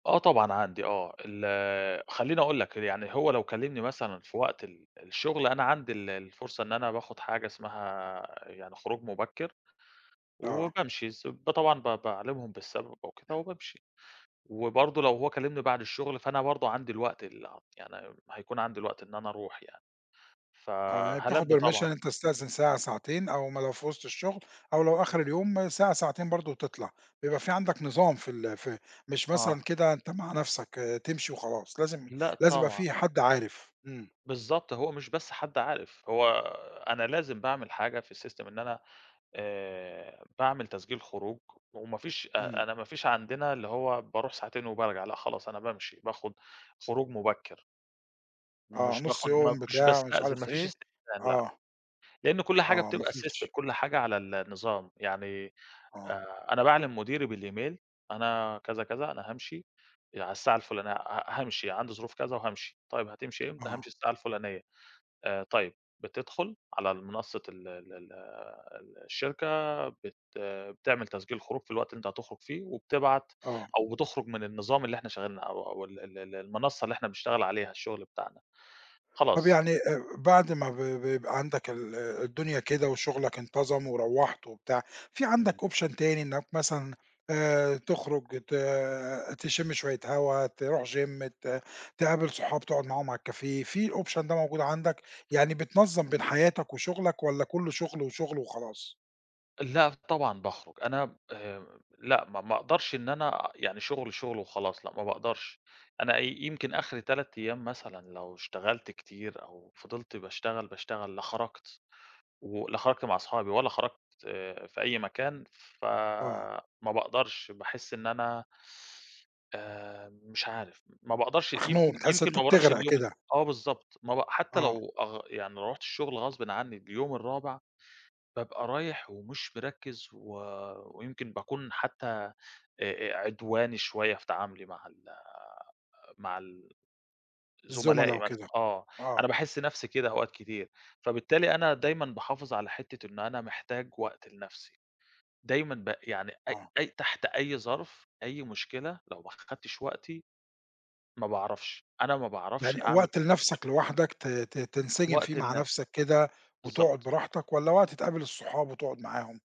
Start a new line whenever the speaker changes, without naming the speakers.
آه طبعًا، عندي، آه. ال خلِّيني أقول لك يعني، هو لو كلِّمني مثلًا في وقت ال الشغل، أنا عندي ال الفُرصة إن أنا باخُد حاجة اسمها يعني خروج مُبكِّر،
آه.
وبامشي س ب طبعًا ب باعلِمهم بالسبب وكده وبامشي، وبرضه لو هو كلِّمني بعد الشغل، فأنا برضه عندي الوقت ال يعني هيكون عندي الوقت إن أنا أرُوح يعني.
آه، يعني بتاخُد
ف-هالبِّي
permission،
طبعًا.
أنتَ بتستأذَن ساعة ساعتين، أو ما لو في وسط الشغل، أو لو آخِر اليوم ساعة، ساعتين برضه، وتطلَع، بيبقى في عندك نظام في ال في مش
آه.
مثلًا كده أنتَ مع نفسَك، تمشي وخلاص، لازم
لأ
لازم يبقى
طبعّا.
في حد عارِف. إمم.
بالضبط، هو مش بس حد عارِف، هو أنا لازم باعمل حاجة في الsystem إن أنا آآ، باعمل تسجيل خروج، وما فيش أ
إمم.
أنا ما فيش عندنا اللي هو بارُوح ساعتين وبارجع، لأ خلاص، أنا بامشي، باخُد خروج مُبكِّر.
آه،
مش
نص
باخُد ما
يوم،
مش
بتاع، مش
باستأذن، ما
عارف
فيش
إيه.
استئذان، لأ،
آه.
لأنَّه كل حاجة
آه، ما
بتبقى system،
فيش.
كل حاجة على النظام. يعني
آه.
آآ، أنا باعلِم مديري بالemail، أنا كذا، كذا، أنا هامشي آآ، على الساعة الفلانيَّة، ه هامشي عندي ظروف كذا وهامشي. طيِّب هتمشي إمتى؟ هامشي
آه.
الساعة الفلانيَّة. آآ، طيِب، بتدخل على المنصَّة ال ال ال ال الشركة، بت بتعمل تسجيل خروج في الوقت اللي أنتَ هتخرُج فيه، وبتبعَت
آه.
أو بتخرُج من النظام اللي إحنا شغَّالين أو أو ال ال ال المنصَّة اللي إحنا بنشتغَل عليها الشغل بتاعنا،
طَب
خلاص.
يعني آآ، بعد ما ب ب بيبقى عندك ال الدنيا كده وشغلك انتظَم وروِّحت وبتاع، في عندك
إمم.
option تاني إنَّك مثلًا آآ، تخرُج ت تشُمّ شويَّة هوا، ترُوح gym ت تقابِل صحاب، تقعد معاهم على الcafé، في الoption ده موجود عندك يعني؟ بتنظِّم بين حياتك وشغلك، والّا كلُّه شغل وشغل وخلاص؟
لأ طبعًا باخرُج، أنا آآ، لأ، ما ما أقدَرش إن أنا يعني شغل، شغل وخلاص، لأ ما باقدَرش، أنا ي يمكن آخِري 3 أيَّام مثلًا، لو اشتغَلت كتير أو فضَلت باشتغَل باشتغَل، لا خرَجت و لا خرَجت مع أصحابي، ولا خرَجت في أي مكان، ف
آه.
ما باقدَرش، باحسّ إن أنا آآ، مش عارِف، ما باقدَرش،
مخنوق،
يمكن
بتحس إن
يمكن
أنتَ
ما بارُوحش
بتغرق
اليوم الت
كده.
آه بالضبط، ما ب حتى
آه.
لو أغ يعني رُحت الشغل غصبًا عنِّي اليوم الرابع، بابقى رايِح ومش مركِّز، و ويمكن باكون حتى أ أ عدواني شويَّة في تعاملي مع ال مع ال
الزملا
زملائي مثل
وكده،
آه،
آه.
أنا باحس نفْسي كده أوقات كتير، فبالتالي أنا دايمًا باحافظ على حتَّة إنَّه أنا محتاج وقت لنفْسي. دايمًا ب يعني أي
آه.
أي تحت أي ظرف، أي مشكلة، لو ما أخَدتش وقتي، ما باعرَفش، أنا ما باعرَفش
يعني
أعمَل
وقت لنفسك لوحدك ت ت تنسجِم فيه
وقت
مع
لنفْسي.
نفسَك كده وتقعُد
بالضبط.
براحتك، والّا وقت تقابِل الصحاب وتقعد معاهم؟